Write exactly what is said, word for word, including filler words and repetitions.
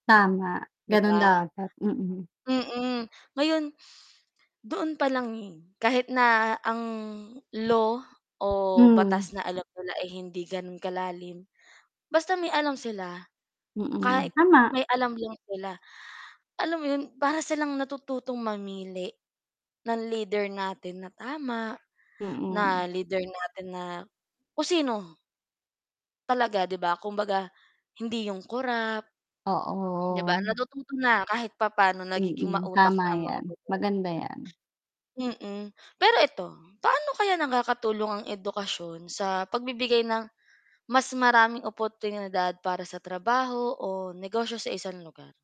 Tama, 'Di ganoon ba? dapat, mm. Mm, ngayon, doon palang, eh, kahit na ang law o Hmm. batas na alam nila ay hindi ganun kalalim basta may alam sila, Mm, kahit tama. may alam lang sila, alam mo 'yun, para silang natututong mamili ng lider natin na tama, Mm. na lider natin na kung sino. Talaga, 'di ba, kumbaga, hindi 'yong korap. 'Di ba, Oo. natututo na, kahit papaano nagiging Mm, mautak tama na ang mga 'yan, botante. maganda 'yan. Mm, pero ito, paano kaya nakakatulong ang edukasyon sa pagbibigay ng mas maraming oportunidad para sa trabaho o negosyo sa isang lugar?